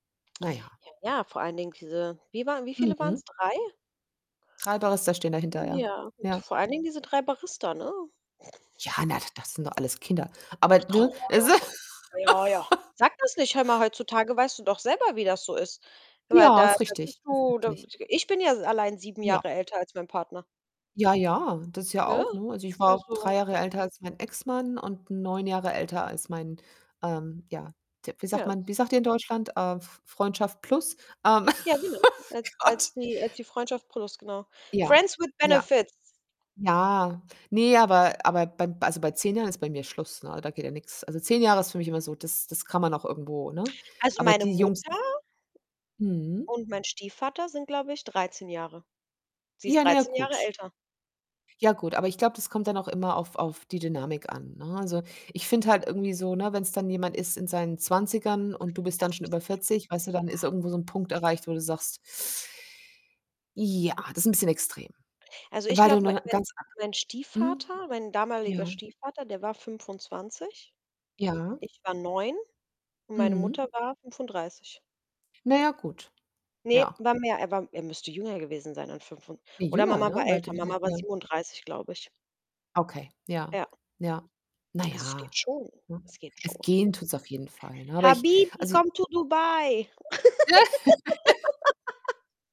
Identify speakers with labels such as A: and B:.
A: Na ja.
B: Ja, ja. Vor allen Dingen diese wie waren wie viele
A: Mhm.
B: waren's? 3?
A: 3 Barista stehen dahinter,
B: M
A: ja.
B: Ja,
A: Ja.
B: vor allen Dingen diese 3 Barista, ne?
A: Ja, na, da das sind doch alles Kinder, aber ne? Es
B: [unintelligible] Ja, ja. Sag das nicht. Hör mal, heutzutage weißt du doch selber, wie das so ist. Weil
A: Ja,
B: da
A: ist
B: da bist
A: richtig, ist
B: du da
A: richtig.
B: [unintelligible] ich bin ja allein 7
A: Ja.
B: Jahre älter als mein Partner.
A: Ja, ja, das ist ja
B: Ne?
A: auch, ne? Also ich war
B: Also
A: 3 Jahre älter als mein Ex-Mann und 9 Jahre älter als mein, ähm, ja, d wie sagt
B: Ja,
A: man,
B: s
A: wie sagt ihr in Deutschland? Äh, F Freundschaft plus, ähm,
B: Ja, genau, als
A: Gott.
B: als die als die Freundschaft plus, genau.
A: Ja,
B: Friends with
A: ja.
B: Benefits.
A: Ja, ne, aber aber bei also bei 10 Jahren ist bei mir Schluss, ne, da geht ja nix. Also 10 Jahre ist für mich immer so das das kann man noch irgendwo, ne?
B: Also,
A: Aber
B: meine
A: die Jungs
B: Mutter
A: Mhm.
B: und mein Stiefvater sind, glaube ich, 13 Jahre. Sie ist
A: Ja, na ja,
B: 13 Jahre
A: gut.
B: älter.
A: Ja gut, aber ich glaube, das kommt dann auch immer auf auf die Dynamik an, ne? Also ich finde halt irgendwie so, ne, wenn's dann jemand ist in seinen 20ern und du bist
B: Er
A: dann
B: ist 'n
A: schon über
B: bisschen schü
A: 40, weißt du, dann ist irgendwo so 'n
B: Ja, 'n
A: Punkt
B: bisschen schü
A: erreicht, wo du sagst: „Ja, das ist 'n bisschen extrem.“
B: Also ich
A: Weil du
B: glaube, mein
A: 'ne
B: mein
A: ganz an
B: mein
A: Mhm.
B: Stiefvater mein damaliger
A: Ja.
B: Stiefvater, der war 25.
A: Ja.
B: Ich war 9 und meine
A: Mhm.
B: Mutter war 35.
A: Na ja, gut.
B: Ne,
A: Ja.
B: war mehr, er war er müsste jünger gewesen sein an fünfund
A: Ne,
B: oder
A: jünger,
B: Mama
A: ne?
B: war älter. Mama war
A: [unintelligible]
B: 37, glaube ich.
A: Okay, ja.
B: Ja.
A: Ja. Na
B: Also es geht
A: ja,
B: schon.
A: ne?
B: Es geht
A: Es
B: schon.
A: gehen tut's auf jeden Fall, ne? Aber ich
B: Habibi,
A: also
B: come to Dubai.